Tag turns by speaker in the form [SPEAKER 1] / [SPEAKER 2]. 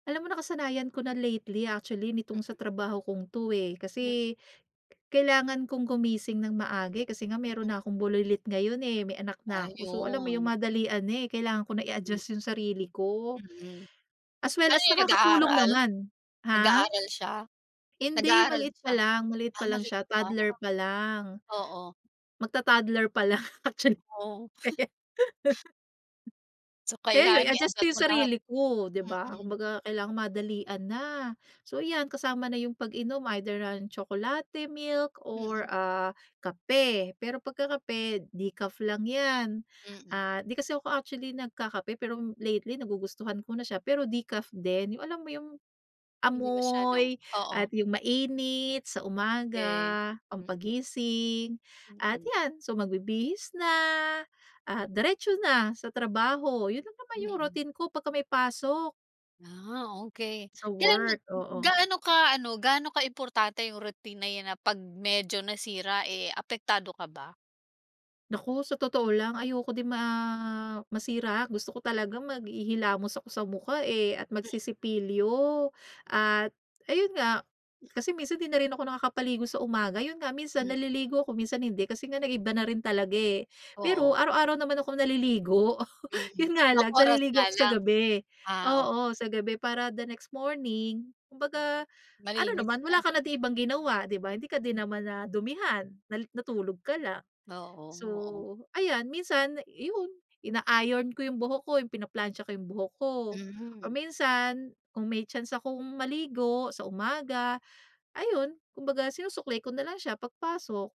[SPEAKER 1] Alam mo nakasanayan ko na lately actually nitong sa trabaho kong 'to, eh,
[SPEAKER 2] Mm.
[SPEAKER 1] kasi kailangan kong gumising ng maaga kasi nga mayro'n
[SPEAKER 2] Hmm.
[SPEAKER 1] na akong bulilit ngayon, eh, may anak na ako, so alam mo yung
[SPEAKER 2] Ayun.
[SPEAKER 1] madalian na, eh, kailangan ko na
[SPEAKER 2] Mm.
[SPEAKER 1] i-adjust yung sarili ko.
[SPEAKER 2] Mm,
[SPEAKER 1] As well
[SPEAKER 2] ano
[SPEAKER 1] as
[SPEAKER 2] 'yon
[SPEAKER 1] nakakatulong
[SPEAKER 2] nag-aaral?
[SPEAKER 1] naman, ha?
[SPEAKER 2] Nag-aaral siya?
[SPEAKER 1] Hindi,
[SPEAKER 2] Nag-aaral
[SPEAKER 1] maliit
[SPEAKER 2] na
[SPEAKER 1] pa
[SPEAKER 2] siya,
[SPEAKER 1] lang, maliit
[SPEAKER 2] ah,
[SPEAKER 1] pa lang
[SPEAKER 2] maliit
[SPEAKER 1] siya,
[SPEAKER 2] pa,
[SPEAKER 1] toddler pa lang.
[SPEAKER 2] oo.
[SPEAKER 1] Magta-toddler pa lang actually.
[SPEAKER 2] Oh. So,
[SPEAKER 1] Kaya 'yon
[SPEAKER 2] kailangan
[SPEAKER 1] i-adjust ko
[SPEAKER 2] i-adjust
[SPEAKER 1] yung
[SPEAKER 2] mo lahat?
[SPEAKER 1] sarili ko, di ba?
[SPEAKER 2] Mm.
[SPEAKER 1] Kumbaga kailangang madalian na so 'yan kasama na yung pag-inom either, ah, tsokolate, milk or,
[SPEAKER 2] Mm.
[SPEAKER 1] ah, kape pero pagka kape decaf lang 'yan.
[SPEAKER 2] Mm.
[SPEAKER 1] Ah, di kasi ako actually nagkakape pero lately nagugustuhan ko na siya pero decaf din, yung alam mo yung
[SPEAKER 2] Hindi masyadong
[SPEAKER 1] amoy
[SPEAKER 2] oo.
[SPEAKER 1] at yung mainit sa
[SPEAKER 2] Okey,
[SPEAKER 1] umaga
[SPEAKER 2] mm.
[SPEAKER 1] pangpagising at
[SPEAKER 2] Mm.
[SPEAKER 1] 'yan so magbibihis na, ah, diretso na sa trabaho, 'yon lang naman yung
[SPEAKER 2] Mm.
[SPEAKER 1] routine ko pagka may pasok
[SPEAKER 2] Ah, okey.
[SPEAKER 1] Sa
[SPEAKER 2] Kailan mo
[SPEAKER 1] work, oo.
[SPEAKER 2] gaano ka ano, gaano kaimportante yung routine na 'yan na pag medyo nasira, eh, apektado ka ba?
[SPEAKER 1] Naku, sa totoo lang ayoko din ma masira gusto ko talagang maghihilamos ako sa mukha, eh, at
[SPEAKER 2] Hmm.
[SPEAKER 1] magsisipilyo at ayun nga kasi minsan di na rin ako nakakapaligo sa umaga 'yon nga minsan
[SPEAKER 2] Hmm.
[SPEAKER 1] naliligo ako, minsan hindi kasi nga nag-iba na rin talaga, eh. Pero
[SPEAKER 2] Oo.
[SPEAKER 1] araw-araw naman akong naliligo
[SPEAKER 2] Mm,
[SPEAKER 1] 'yon nga
[SPEAKER 2] limang
[SPEAKER 1] lang
[SPEAKER 2] oras nga
[SPEAKER 1] naliligo ako sa
[SPEAKER 2] lang?
[SPEAKER 1] gabi,
[SPEAKER 2] Ah, okey.
[SPEAKER 1] oo sa gabi para the next morning kumbaga ano
[SPEAKER 2] Malinis
[SPEAKER 1] naman wala
[SPEAKER 2] na.
[SPEAKER 1] ka na di ibang ginawa di ba hindi ka din
[SPEAKER 2] Hmm.
[SPEAKER 1] naman nadumihan na natulog ka lang.
[SPEAKER 2] Oo,
[SPEAKER 1] So,
[SPEAKER 2] oo.
[SPEAKER 1] ayan minsan 'yon, ina-iron ko yung buhok ko yung pinaplantsa ko yung buhok ko or
[SPEAKER 2] Hmm.
[SPEAKER 1] minsan kung may chance akong maligo sa umaga ayun kumbaga sinusuklay ko nalang siya pag pasok.